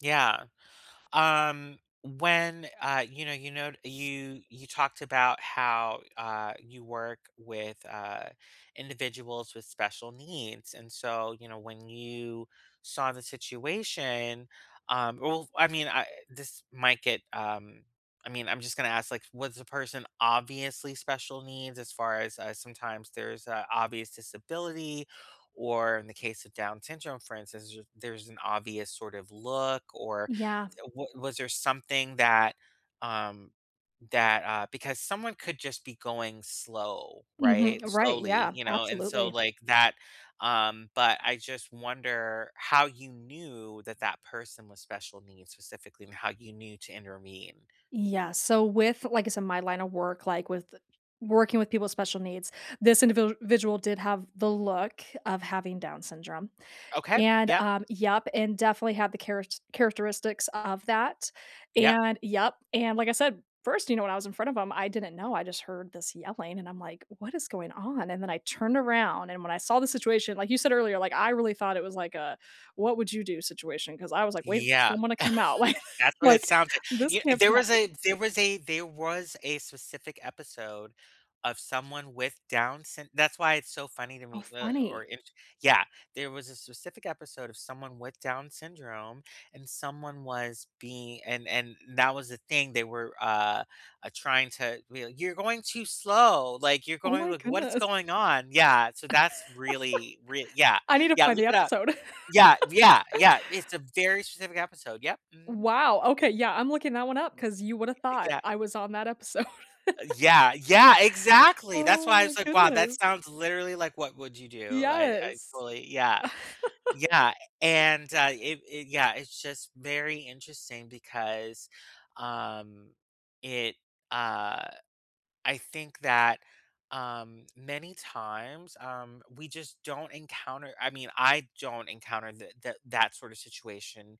Yeah. Um, when, uh, you know you know you you talked about how, uh, you work with, uh, individuals with special needs and, so, you know, when you saw the situation, um well, I mean, I this might get, um I mean, I'm just gonna ask, like, was the person obviously special needs as far as uh, sometimes there's a obvious disability or, in the case of Down syndrome, for instance, ju there's an obvious sort of look or Yeah. th wa was there something that um, that, uh because someone could just be going slow, Mhm, right? uh, right, Slowly, yeah, you know, and, so, absolutely. like, that, um but I just wonder how you knew that that person was special needs specifically and how you knew to intervene? Yeah, so, with like, I said, my line of work, like, with working with people with special needs, this individual did have the look of having Down syndrome Okay, and, yep. um Yep, and definitely have the charets characteristics of that, Yep. and, yep, and, like I said, 1st, you know, when I was in front of him, I didn't know, I just heard this yelling and I'm, like, "What is going on?" And then I turned around and when I saw the situation, like you said earlier, like, I really thought it was like a what-woud-you-do situation 'cause I was, like, waiting for Yeah. someone to come out. I That's what it like, sounds like. "This You kn can't there be was happening." a there was a there was a specific episode of someone with Down syn that's why it's so funny to Oh, me, uh, or funny. immature Yeah, there was a specific episode of someone with Down syndrome, and someone was being and and that was the thing, they were, uh, uh, trying to w "You're going too slow, like, you're Oh going, my like, what it's goodness. going on?" Yeah. So, that's really rea yeah, I need to yeah, find look the it up. episode. Yeah, yeah, yeah, it's a very specific episode, yep, mhm. Wow, okay, yeah, I'm looking that one up 'cause you woulda Y thought yeah. I was on that episode. Uh, yeah, yeah, exactly, that's Oh why I my was, like, "Wow, that goodness. sounds literally, like, 'What Would You Do.'" I I Yes. totally yeah. Yeah, and, uh, it it yeah, it's just very interesting because, um, it, uh I think that, um, many times, um, we just don't encounter I mean, I don't encounter the that that sort of situation,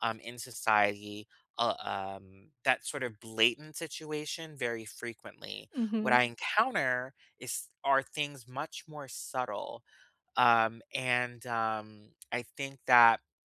um, in society, uh, um, that sort of blatant situation very frequently. What Mhm. I encounter is are things much more subtle, um, and, um, I think that